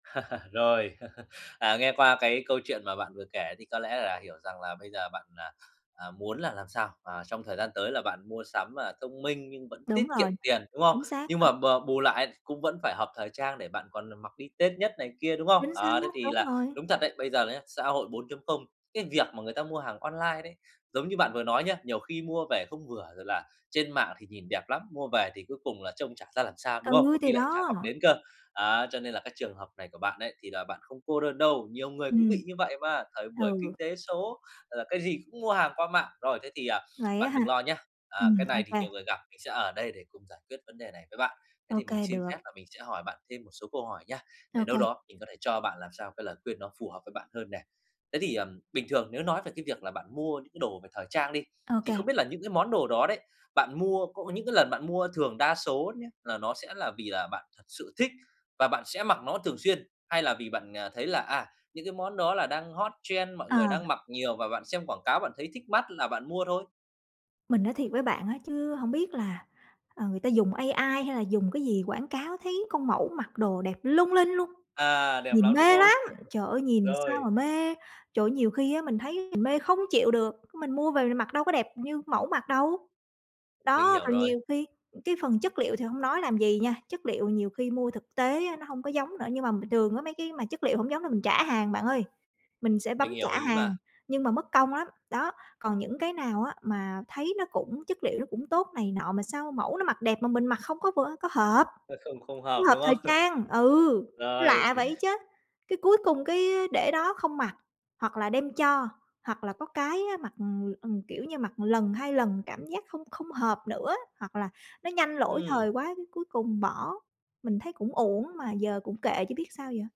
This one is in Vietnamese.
Rồi, à, nghe qua cái câu chuyện mà bạn vừa kể thì có lẽ là hiểu rằng là bây giờ bạn, ờ, à, muốn là làm sao mà trong thời gian tới là bạn mua sắm, à, thông minh nhưng vẫn tiết Đúng kiệm rồi, tiền, đúng không? chính xác Nhưng đó. mà b bù lại ấy thì cũng vẫn phải hợp thời trang, để bạn còn nà mặc đi Tết nhất này kia, đúng không? Chính Ờ, thế xác, thì đúng là rồi. đúng thật đấy, bây giờ là nhá, xã hội 4.0, cái việc mà người ta mua hàng online đấy, giống như bạn vừa nói nhé, nhiều khi mua về không vừa, rồi là trên mạng thì nhìn đẹp lắm, mua về thì cuối cùng là trông chả ra làm sao, đúng không? Ừ, Có khi thì lại chả đó. mặc đến cơ. Á, cho nên là cái trường hợp này của bạn ấy thì là bạn không cô đơn đâu, nhiều người cũng Ừm. bị như vậy mà, thời buổi kinh Ừ. tế số, là cái gì cũng mua hàng qua mạng. Rồi, thế thì, à, Vậy bạn á ha? đừng lo nhá, à, Ừm, cái ô này thì kê. nhiều người gặp, mình sẽ ở đây để cùng giải quyết vấn đề này với bạn. Thế Ô thì mình kê, xin phép được. là mình sẽ hỏi bạn thêm một số câu hỏi nhá, Ô để đâu kê. đó mình có thể cho bạn làm sao cái lời khuyên nó phù hợp với bạn hơn nè. Thế thì, ờm, bình thường nếu nói về cái việc là bạn mua những cái đồ về thời trang đi, Ô thì kê. không biết là những cái món đồ đó đấy, bạn mua, có những cái lần bạn mua thường đa số nhé, là nó sẽ là vì là bạn thật sự thích và bạn sẽ mặc nó thường xuyên? Hay là vì bạn, ờ, thấy là, à, những cái món đó là đang hot trend, mọi Ờ. người đang mặc nhiều, và bạn xem quảng cáo bạn thấy thích mắt là bạn mua thôi? Mình nói thiệt với bạn á chứ hổng biết là, ờ, người ta dùng AI hay là dùng cái gì quảng cáo, thấy con mẫu mặc đồ đẹp lung linh luôn, À, đẹp nhìn lắm, đúng mê không? lắm! Trời ơi, nhìn sao Rồi. mà mê, trời ơi, nhiều khi á mình thấy mình mê không chịu được, mình mua về mình mặc đâu có đẹp như mẫu mặc đâu! Mình Đó, hiểu rồi rồi. nhiều khi cái phần chất liệu thì hông nói làm gì nha, chất liệu nhiều khi mua thực tế á nó hông có giống nữa. Nhưng mà bình thường á, mấy cái mà chất liệu hổng giống là mình trả hàng bạn ơi, mình sẽ bấm Mình trả hiểu ý mà. hàng, nhưng mà mất công lắm. Đó, còn những cái nào á mà thấy nó cũng chất liệu nó cũng tốt này nọ, mà sao mẫu nó mặc đẹp mà mình mặc không có vưa có hợp, Ơ, không không không hợp, hợp đúng thời không? trang, ừ, Rồi. lạ vậy chớ! Cái, cuối cùng cái, để đó không mặc, hoặc là đem cho, hoặc là có cái á, mặc, ừm, ừm, kiểu như, mặc lần 2 lần cảm giác không không hợp nữa, hoặc là nó nhanh lỗi thời Ừm. quá, cái cuối cùng bỏ. Mình thấy cũng uổng mà giờ cũng kệ chứ biết sao giờ?